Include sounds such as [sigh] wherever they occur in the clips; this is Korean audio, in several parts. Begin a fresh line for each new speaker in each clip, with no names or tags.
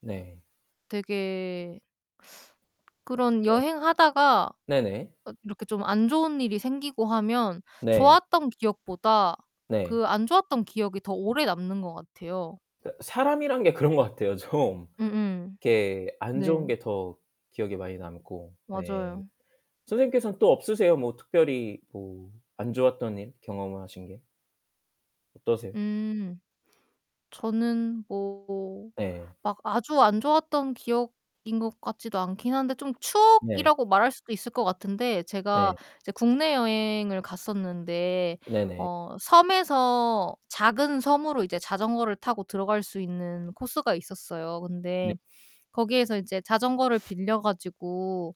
네.
되게 그런
네.
여행하다가
네네.
어 이렇게 좀 안 좋은 일이 생기고 하면
네.
좋았던 기억보다
네.
그 안 좋았던 기억이 더 오래 남는 것 같아요.
그 사람이란 게 그런 것 같아요. 좀
음음.
이렇게 안 좋은
네.
게 더 기억에 많이 남고 네.
맞아요.
선생님께서는 또 없으세요 뭐 특별히 뭐 안 좋았던 일, 경험을 하신 게? 어떠세요?
음. 저는 뭐
네.
막 아주 안 좋았던 기억인 것 같지도 않기는 한데 좀
네.
추억이라고 말할 수도 있을 것 같은데 제가
네.
이제 국내 여행을 갔었는데
네네.
어 섬에서 작은 섬으로 이제 자전거를 타고 들어갈 수 있는 코스가 있었어요.
네.
근데 거기에서 이제 자전거를 빌려 가지고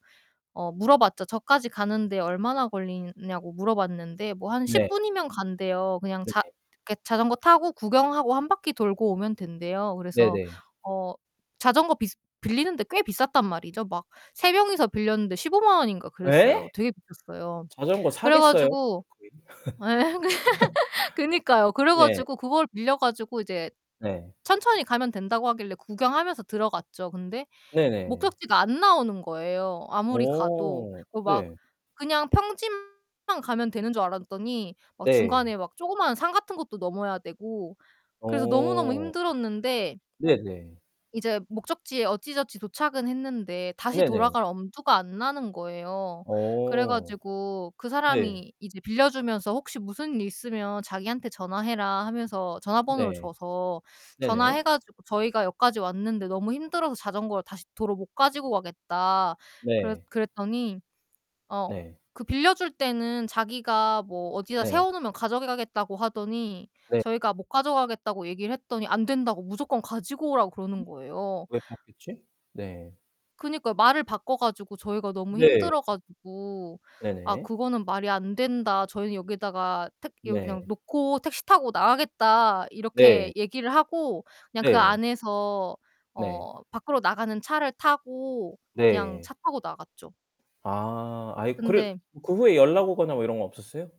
어 물어봤죠. 저까지 가는데 얼마나 걸리나 냐고 물어봤는데 뭐 한 10
네.
분이면 간대요. 그냥
네.
자 그 자전거 타고 구경하고 1 바퀴 돌고 오면 된대요. 그래서
네네.
어 자전거 비스 빌리는데 꽤 비쌌단 말이죠. 막 3 명이서 빌렸는데 150,000 원인가 그랬어요.
예?
되게 비쌌어요.
자전거
그래
사겠어요?
가지고
거의
에엥 [laughs] 그니까요.
[laughs]
그래
네.
가지고 그걸 빌려 가지고 이제
네.
천천히 가면 된다고 하길래 구경하면서 들어갔죠. 근데
네네.
목적지가 안 나오는 거예요 아무리 가도.
오
그 막
네.
그냥 평지만 가면 되는 줄 알았더니 막
네.
중간에 막 조그만한 산 같은 것도 넘어야 되고 그래서 너무너무
오.
힘들었는데
네네.
이제 목적지에 어찌저찌 도착은 했는데 다시
네네.
돌아갈 엄두가 안 나는 거예요. 그래
어.
가지고 그
네.
사람이 이제 빌려주면서 혹시 무슨 일 있으면 자기한테 전화해라 하면서 전화번호를
네.
줘서 전화해
네네.
가지고 "저희가 여기까지 왔는데 너무 힘들어서 자전거를 다시 도로 못 가지고 가겠다." 그랬
네.
그랬더니 어
네.
그 빌려줄 때는 자기가 뭐 어디다
네.
세워 놓으면 가져가겠다고 하더니
네.
저희가 못 가져가겠다고 얘기를 했더니 안 된다고 무조건 가지고 오라고 그러는
[gasps]
거예요.
왜 바뀌었지? 네.
그니까 말을 바꿔 가지고 저희가 너무
네.
힘들어 가지고 "아
네네.
그거는 말이 안된다. 저희는 여기다가 택 여기 그냥
네.
놓고 택시 타고 나가겠다." 이렇게
네.
얘기를 하고 그냥 그
네.
안에서
네.
어 밖으로 나가는 차를 타고 그냥
네.
차 타고 나갔죠.
아 아이 그래
근데
그 후에 연락오거나 뭐 이런 거 없었어요?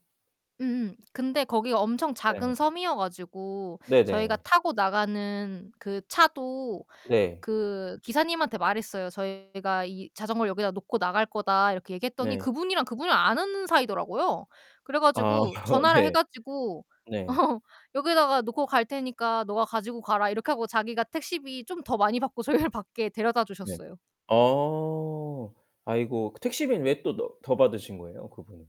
음음. 근데 거기가 엄청
네.
작은 섬이어 가지고 저희가
네네.
타고 나가는 그 차도
네.
그 기사님한테 말했어요. "저희가 이 자전거를 여기다 놓고 나갈 거다." 이렇게 얘기했더니
네.
그분이랑 그분이랑 아는 사이더라고요. 그래
아
가지고
[laughs]
전화를 해
네.
가지고
네.
[laughs] "여기에다가 놓고 갈 테니까 네가 가지고 가라." 이렇게 하고 자기가 택시비 좀 더 많이 받고 저희를 밖에
네.
데려다주셨어요.
아. 아이고 그 택시비는 왜 또 너 더 받으신 거예요 그분은?